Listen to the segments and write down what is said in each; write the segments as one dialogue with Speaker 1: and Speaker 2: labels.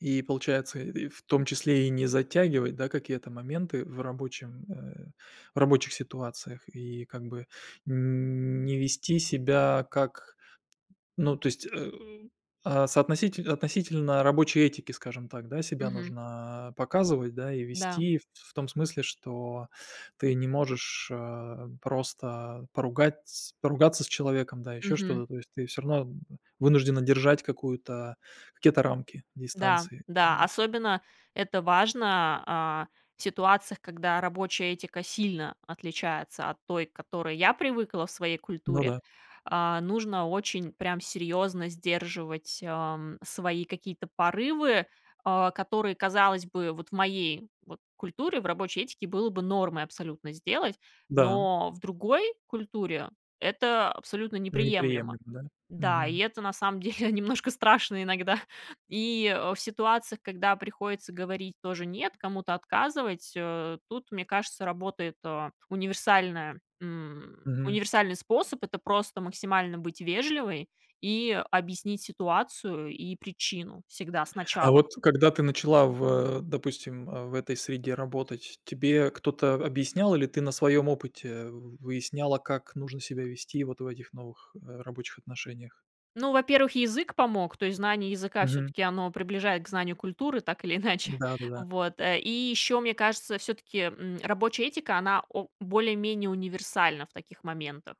Speaker 1: И получается, и в том числе и не затягивать, да, какие-то моменты в рабочем, э, в рабочих ситуациях. И как бы н не вести себя как ну то есть, э, а соотноситель относительно рабочей этики, скажем так, да, себя
Speaker 2: Мгм.
Speaker 1: нужно показывать, да. И
Speaker 2: Да.
Speaker 1: вести в в том смысле, что ты не можешь, э, просто поругатьс поругаться с человеком, да, ещё
Speaker 2: Мгм.
Speaker 1: что-то, то есть ты всё равно вынуждена держать какую-то какие-то рамки
Speaker 2: Да,
Speaker 1: дистанции.
Speaker 2: да, особенно это важно, а, в ситуациях, когда рабочая этика сильно отличается от той, к которой я привыкла в своей
Speaker 1: Ну
Speaker 2: культуре.
Speaker 1: да.
Speaker 2: А, нужно очень прям серьёзно сдерживать, а, м, свои какие-то порывы, а, которые, казалось бы, вот в моей вот культуре, в рабочей этике было бы нормой абсолютно сделать,
Speaker 1: Да.
Speaker 2: но в другой культуре- это абсолютно неприемлемо.
Speaker 1: Неприемлемо, да?
Speaker 2: Да, и
Speaker 1: Мгм.
Speaker 2: это на самом деле немножко страшно иногда. И, э, в ситуациях, когда приходится говорить тоже "нет", кому-то отказывать, э, тут, мне кажется, работает, э, универсальное, м,
Speaker 1: Мгм.
Speaker 2: универсальный способ- это просто максимально быть вежливой и объяснить ситуацию и причину всегда
Speaker 1: А
Speaker 2: сначала.
Speaker 1: вот когда ты начала в, допустим, э, в этой среде работать, тебе кто-то объяснял или ты на своём опыте в выясняла, как нужно себя вести вот в этих новых, э, рабочих отношениях?
Speaker 2: Ну, во-первых, язык помог, то есть знание языка
Speaker 1: Мгм.
Speaker 2: всё-таки оно приближает к знанию культуры так или иначе.
Speaker 1: Да-да-да.
Speaker 2: Вот, э, и ещё, мне кажется, всё-таки, м, рабочая этика, она о более-менее универсальна в таких моментах.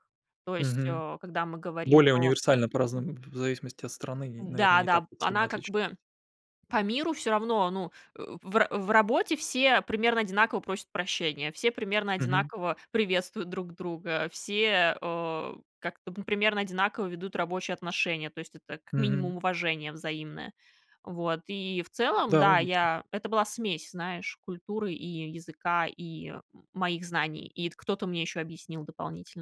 Speaker 2: То есть,
Speaker 1: Мгм.
Speaker 2: э, когда мы говорим
Speaker 1: Более
Speaker 2: про
Speaker 1: универсальна по разным в в зависимости от страны и, наверно, не так
Speaker 2: Да-да б
Speaker 1: уж сильно
Speaker 2: она как
Speaker 1: отличалась.
Speaker 2: бы по миру всё равно, ну, э, в ра в работе все примерно одинаково просят прощения, все примерно
Speaker 1: Мгм.
Speaker 2: одинаково приветствуют друг друга, все, э, как-то, ну, примерно одинаково ведут рабочие отношения, то есть это как
Speaker 1: Мгм.
Speaker 2: минимум уважение взаимное. Вот, и в целом
Speaker 1: Да,
Speaker 2: да,
Speaker 1: логично.
Speaker 2: я это была смесь, знаешь, культуры и языка, и м моих знаний, ит кто-то мне ещё объяснил дополнительно.